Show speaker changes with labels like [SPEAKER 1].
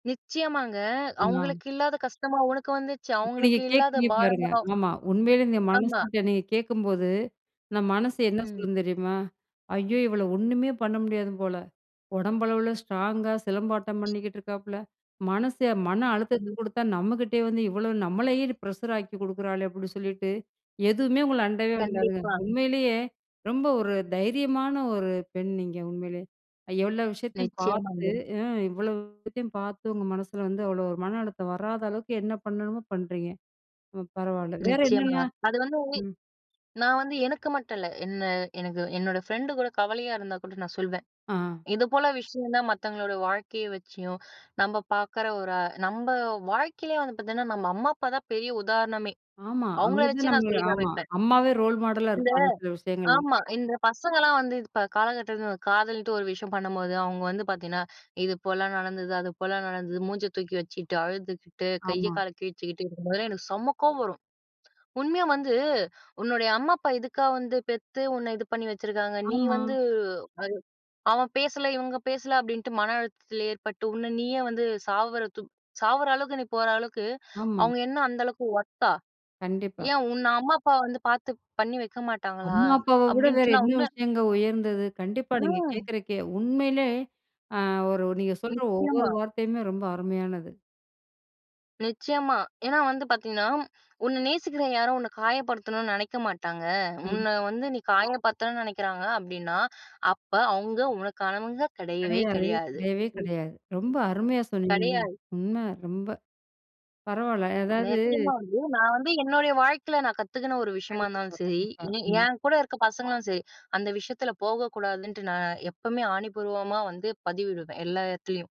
[SPEAKER 1] நிச்சயமாங்க.
[SPEAKER 2] ஆ.
[SPEAKER 1] "அவுங்களுக்கு இல்லாத கஷ்டமா உனக்கு வந்துச்சு?
[SPEAKER 2] இப்ப நீங்க
[SPEAKER 1] அவங்களுக்கு இல்லாத
[SPEAKER 2] கேக்குறீங்க பாருங்க,
[SPEAKER 1] பாரமா?"
[SPEAKER 2] ஆமா உண்மையிலயே நீங்க மனசு
[SPEAKER 1] ஆமா.
[SPEAKER 2] கிட்ட நீங்க கேக்கும்போது, நம்ம மனசு என்ன
[SPEAKER 1] ம்.
[SPEAKER 2] சொல்லும் தெரியுமா? "ஐயோ! இவள ஒண்ணுமே பண்ண முடியாது போல, உடம்பளவில ஸ்ட்ராங்கா சிலம்பாட்டம் பண்ணிக்கிட்டு இருக்காப்ல, மனசு மன அழுத்தத்த
[SPEAKER 1] ம்.
[SPEAKER 2] குடுத்தா நம்மகிட்டயே வந்து இவ்வளோ, நம்மளயே ப்ரஷர் ஆக்கி குடுக்குறாளே!" அப்படின்னு சொல்லிட்டு, எதுவுமே உங்கள அண்டவே அண்டாதுங்க.
[SPEAKER 1] கண்டிப்பா.
[SPEAKER 2] உண்மையிலயே ரொம்ப ஒரு தைரியமான ஒரு பெண் நீங்க, உண்மையிலயே. அ எவ்வளோ விஷயத்தையும் பாத்து,
[SPEAKER 1] நிச்சயமாங்க.
[SPEAKER 2] ம் இவ்வளோ விஷயத்தையும் பாத்து, உங்க மனசில வந்து, அவ்வளோ ஒரு மன அழுத்தம் வராத அளவுக்கு என்ன பண்ணணுமோ பண்றீங்க. பரவாயில்ல. வேற
[SPEAKER 1] நிச்சயமா.
[SPEAKER 2] என்னெல்லாம்
[SPEAKER 1] அது வந்து,
[SPEAKER 2] ம்.
[SPEAKER 1] நான் வந்து எனக்கு மட்டும் இல்ல, என்ன எனக்கு என்னோட ஃப்ரெண்டு கூட கவலையா இருந்தா கூட நான் சொல்வேன்.
[SPEAKER 2] ஆ,
[SPEAKER 1] "இது போல விஷயம் தான்" மத்தவங்களோட வாழ்க்கைய வச்சியும், நம்ப பாக்குற ஒரு, அ நம்ப வாழ்க்கையிலயே வந்து பாத்தீங்கன்னா, நம்ம அம்மா அப்பா தான் பெரிய உதாரணமே!
[SPEAKER 2] ஆமா.
[SPEAKER 1] அவுங்கள
[SPEAKER 2] அவுங்க தான்
[SPEAKER 1] வச்சே நான்
[SPEAKER 2] நம்ம
[SPEAKER 1] சொல்லி
[SPEAKER 2] ஆமா.
[SPEAKER 1] காமிப்பேன்.
[SPEAKER 2] அம்மாவே ரோல் மாடலா
[SPEAKER 1] இந்த
[SPEAKER 2] இருப்பாங்க சில விஷயங்கள்ல.
[SPEAKER 1] ஆமா, இந்த பசங்கள்லாம் வந்து இப்போ காலகட்டத்தில, காதல்ன்ட்டு ஒரு விஷயம் பண்ணும்போது, அவுங்க வந்து பாத்தீங்கன்னா, "இது போலலாம் நடந்தது, அது போலலாம் நடந்தது" மூஞ்சை தூக்கி வச்சிட்டு, அழுதுக்கிட்டு, கைய
[SPEAKER 2] ஆமா.
[SPEAKER 1] கால கிழிச்சிக்கிட்டு இருக்கும்போதெல்லாம், எனக்கு செம கோவம் வரும். உண்மையா வந்து, உன்னுடைய அம்மா அப்பா இதுக்கா வந்து பெத்து உன்ன இது பண்ணி வச்சுருக்காங்க? நீ
[SPEAKER 2] ஆமா.
[SPEAKER 1] வந்து, அது "அவன் பேசல இவுங்க பேசல அப்டின்ட்டு மன அழுத்தத்தில ஏற்பட்டு, உன்னை நீயே வந்து சாவுரத்து சாவுற அளவுக்கு நீ போற அளவுக்கு
[SPEAKER 2] ஆமா.
[SPEAKER 1] அவுங்க என்னா அந்த அளவுக்கு ஒர்த்தா?
[SPEAKER 2] கண்டிப்பா.
[SPEAKER 1] ஏன் உன்ன அம்மா அப்பா வந்து பாத்து பண்ணி வைக்க மாட்டாங்களா?"
[SPEAKER 2] அம்மா அப்பாவ விட வேற
[SPEAKER 1] அப்படின்ட்டு நான்
[SPEAKER 2] என்ன
[SPEAKER 1] உன்ன,
[SPEAKER 2] விஷயங்க உயர்ந்தது? கண்டிப்பா நீங்க
[SPEAKER 1] ம்.
[SPEAKER 2] கேட்குறக் கே, உண்மையிலே, அ ஒரு நீங்க சொல்ற ஒவ்வொரு
[SPEAKER 1] நிச்சயமா,
[SPEAKER 2] வார்த்தையுமே ரொம்ப அருமையானது.
[SPEAKER 1] நிச்சயமா. ஏன்னா வந்து, பாத்தீங்கன்னா, "உன்ன நேசிக்கிற யாரும், உன்னை காயப்படுத்தனும்ன்னு நெனைக்க மாட்டாங்க.
[SPEAKER 2] கண்டிப்பா.
[SPEAKER 1] உன்ன வந்து நீ காயப்படுத்தனும்ன்னு நெனைக்கிறாங்க அப்டின்னா, அப்ப அவுங்க உனக்கானவங்க கெடையவே
[SPEAKER 2] கெடையாது.
[SPEAKER 1] கெடையாது" [unintelligible]
[SPEAKER 2] கெடையவே கெடையாது. ரொம்ப அருமையா சொன்னீங்கங்க.
[SPEAKER 1] கெடையாது.
[SPEAKER 2] உண்ம ரொம்ப. பரவாயில்ல அதாவது
[SPEAKER 1] நிச்சயமா வந்து, நான் வந்து என்னுடைய வாழ்க்கையில நான் கத்துக்கின ஒரு விஷயமா
[SPEAKER 2] கண்டிப்பா,
[SPEAKER 1] இருந்தாலும் சரி,
[SPEAKER 2] கண்டிப்பா.
[SPEAKER 1] என்
[SPEAKER 2] ம்.
[SPEAKER 1] என் கூட இருக்கிற பசங்களாலும் சரி, அந்த விஷயத்தில போகக்கூடாதுன்ட்டு, நான் எப்பவுமே ஆணிபூர்வமா வந்து பதிவிடுவேன், எல்லா எடத்துலயும்.